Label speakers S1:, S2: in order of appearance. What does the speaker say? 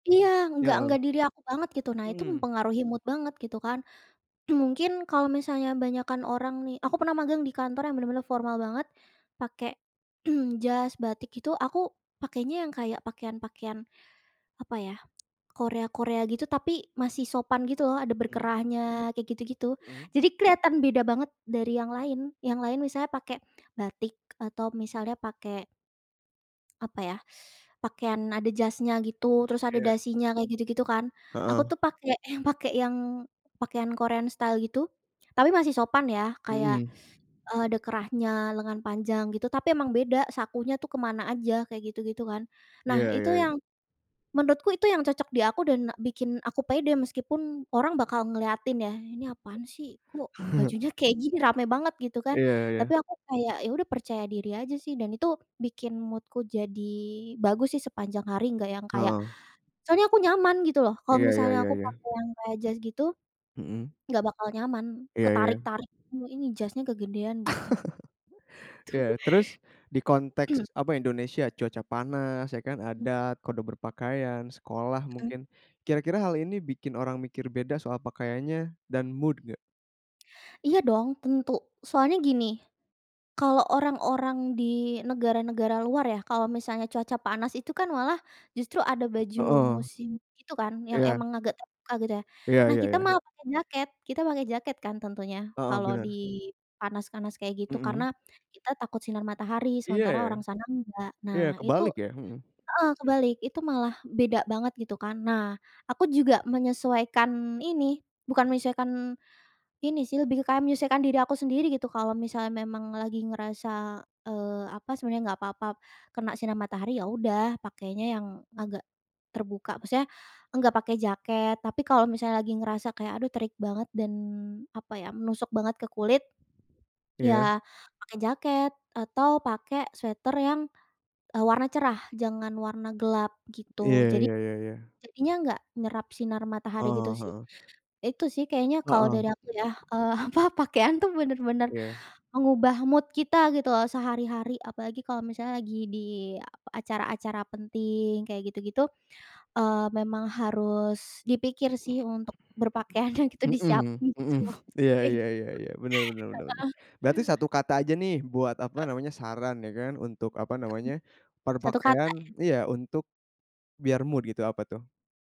S1: Iya
S2: Nya
S1: enggak
S2: heeh.
S1: enggak diri aku banget gitu, nah itu
S2: Mhm.
S1: mempengaruhi mood banget gitu kan. Mungkin kalo misalnya banyakan orang nih, aku pernah magang di kantor yang bener-bener formal banget pake, jas, batik itu aku pakainya yang kayak pakaian-pakaian apa ya, Korea Korea gitu tapi masih sopan gitu loh, ada
S2: Mhm.
S1: berkerahnya kayak gitu-gitu.
S2: Mhm.
S1: Jadi kelihatan beda banget dari yang lain. Yang lain misalnya pake batik atau misalnya pake apa ya? Pakaian ada jasnya gitu, terus ada
S2: Oke.
S1: dasinya kayak gitu-gitu kan, aku
S2: Heeh.
S1: tuh pake yang, pake yang pakaian Korean style gitu, tapi masih sopan ya kayak,
S2: Mhm.
S1: eee, ada kerahnya, lengan panjang gitu tapi emang beda sakunya tuh kemana aja, kayak gitu-gitu kan. Nah
S2: Iya
S1: itu
S2: iya iya.
S1: yang menurutku itu yang cocok di aku dan bikin aku pede meskipun orang bakal ngeliatin ya "Ini apaan sih, kok bajunya kayak gini rame banget?" Gitu kan.
S2: Iya iya.
S1: Tapi aku kayak, ya udah percaya diri aja sih dan itu bikin mood-ku jadi bagus sih sepanjang hari enggak yang kayak
S2: Heeh.
S1: soalnya aku nyaman gitu loh kalau
S2: Iya iya
S1: misalnya
S2: iya
S1: aku
S2: iya.
S1: pakai yang kayak jas gitu,
S2: Mhm.
S1: enggak bakal nyaman,
S2: Iya iya.
S1: ketarik-tarik ini jasnya kegedean gitu. Tu
S2: Iya terus, di konteks apa Indonesia cuaca panas ya kan?
S1: M
S2: Adat, kode berpakaian, sekolah
S1: Mhm.
S2: mungkin, kira-kira hal ini bikin orang mikir beda soal pakaiannya dan mood enggak?
S1: Iya dong tentu, soalnya gini. Kalo orang-orang di negara-negara luar ya, kalo misalnya cuaca panas itu kan malah justru ada baju
S2: Heeh.
S1: musim itu kan, yang
S2: Iya.
S1: emang agak terbuka gitu ya.
S2: Iya
S1: Nah,
S2: iya
S1: kita
S2: iya.
S1: malah pakai jaket. Kita pakai jaket kan tentunya,
S2: Heeh,
S1: kalo di
S2: bener.
S1: panas-panas kayak gitu karena
S2: Mhm.
S1: kita takut sinar matahari
S2: Iya
S1: sementara
S2: ya?
S1: orang sana enggak.
S2: Iya,
S1: Nah, itu
S2: kebalik ya? Hmm.
S1: heeh kebalik, itu malah beda banget gitu kan. Nah, aku juga menyesuaikan ini, bukan menyesuaikan ini sih, lebih kayak menyesuaikan diri aku sendiri gitu kalau misalnya memang lagi ngerasa, eee, apa sebenarnya enggak apa-apa kena sinar matahari, ya udah pakainya yang agak terbuka maksudnya, enggak pakai jaket. Tapi kalo misalnya lagi ngerasa kayak aduh terik banget dan apa ya menusuk banget ke kulit
S2: Iya.
S1: ya pakai jaket atau pakai sweater yang, eee, warna cerah, jangan warna gelap gitu.
S2: Iya
S1: Jadi,
S2: iya iya iya.
S1: jadinya enggak nyerap sinar
S2: Heeh
S1: matahari gitu
S2: heeh
S1: sih.
S2: heeh,
S1: Nah, itu sih kayaknya kalau
S2: Heeh.
S1: dari aku ya, eee, apa pakaian tuh bener-bener
S2: Iya.
S1: mengubah mood kita gitu loh sehari-hari apalagi kalau misalnya lagi di a acara-acara penting kayak gitu-gitu, eee, memang harus dipikir sih
S2: Mhm.
S1: untuk berpakaiannya gitu,
S2: Hmm,
S1: disiapin gitu
S2: hmm.
S1: loh,
S2: Iya
S1: kayak
S2: iya
S1: gitu
S2: iya iya. Bener bener bener bener.
S1: heeh.
S2: Berarti satu kata aja nih buat apa
S1: Heeh.
S2: namanya saran ya kan, untuk apa
S1: Mhm.
S2: namanya,
S1: Satu kata
S2: berpakaian
S1: ya.
S2: iya untuk biar mood gitu apa tuh?